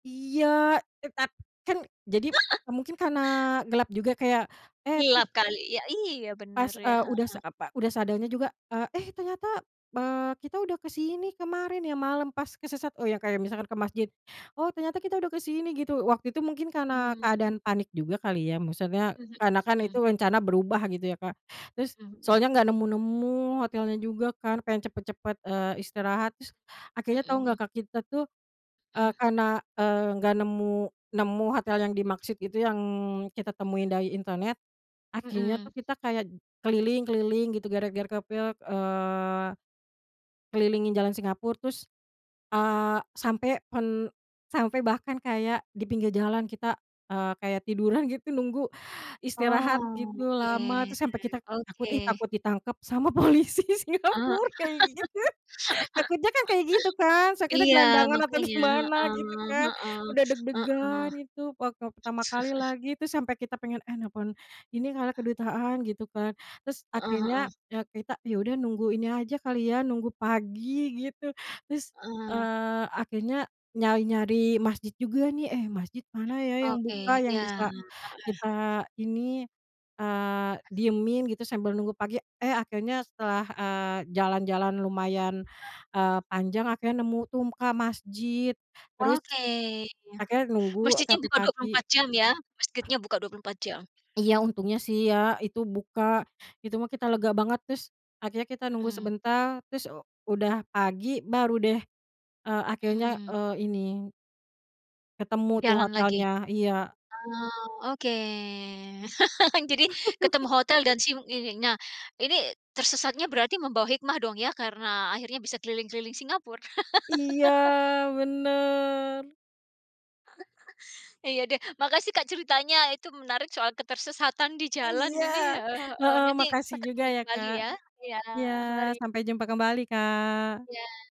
Iya, eh tapi kan, jadi eee, mungkin karena gelap juga kayak, eh pas Gelap kali, ya iya, bener pas ya, eee, udah sa heeh. apa udah sadarnya juga, eee, eh, ternyata eee, kita udah kesini kemarin ya malam pas kesesat. Oh ya kayak misalkan ke masjid, "Oh ternyata kita udah ke sini" gitu, waktu itu mungkin karena Hmm. keadaan panik juga kali ya maksudnya Mmm, karena kan itu mhm. rencana berubah gitu ya, Kak. Terus, Mhm mhm soalnya mhm. enggak nemu-nemu hotelnya juga kan, pengen cepet-cepet eee, istirahat, terus akhirnya tau enggak Mhm. Kak, kita tuh eee, Mmm. karena eee, enggak nemu nemu hotel yang dimaksud gitu yang kita temuin Mmm. dari internet, akhirnya tuh Mhm. kita kayak keliling-keliling gitu gara-gara kepil eee, kelilingin jalan Singapura terus eee, sampai pen sampai bahkan kayak di pinggir jalan kita, eee, kayak tiduran gitu nunggu istirahat Oh, gitu lama, oke, terus sampai kita takut "Ih, oke. takut ditangkap sama polisi Eee, Singapura." kayak gitu. Takutnya kan kayak gitu kan, takutnya Iya gelandangan atau makannya, gimana gitu heeh kan. heeh Udah heeh. deg-degan itu waktu pertama kali lagi, itu sampai kita pengen, "Eh nelpon ini kali, kedutaan," gitu kan. Terus Heeh akhirnya heeh. ya kita, ya udah nunggu ini aja kali ya, nunggu pagi gitu. Terus, Heeh. eee, akhirnya nyari-nyari masjid juga nih, "Eh masjid mana ya yang Oke, buka yang iya, bisa heeh. kita ini, eee, diemin gitu sambil nunggu pagi." Eh, akhirnya setelah. eee, jalan-jalan lumayan, eee, panjang akhirnya nemu tuh Kak, masjid, terus Oke, iya. akhirnya nunggu Masjidnya sampai buka dua puluh pagi. empat jam ya, masjidnya buka 24 jam. Iya, untungnya sih ya itu buka, itu mah kita lega banget terus, akhirnya kita nunggu Mhm. sebentar, terus, eee, udah pagi baru deh, eee, akhirnya, Mhm. eee, ini ketemu tuh Jalan lagi. hotelnya, iya. Eee, oke. Jadi, ketemu hotel dan si ininya. Ini, tersesatnya berarti membawa hikmah dong ya, karena akhirnya bisa keliling-keliling Singapura. Iya, bener. Iya deh. Makasih Kak, ceritanya itu menarik soal ketersesatan di jalan Iya, ini heeh heeh. heeh Nanti, makasih juga ketemu ya sekali Kak. ya. iya Iya mari. sampai jumpa kembali Kak! Iya.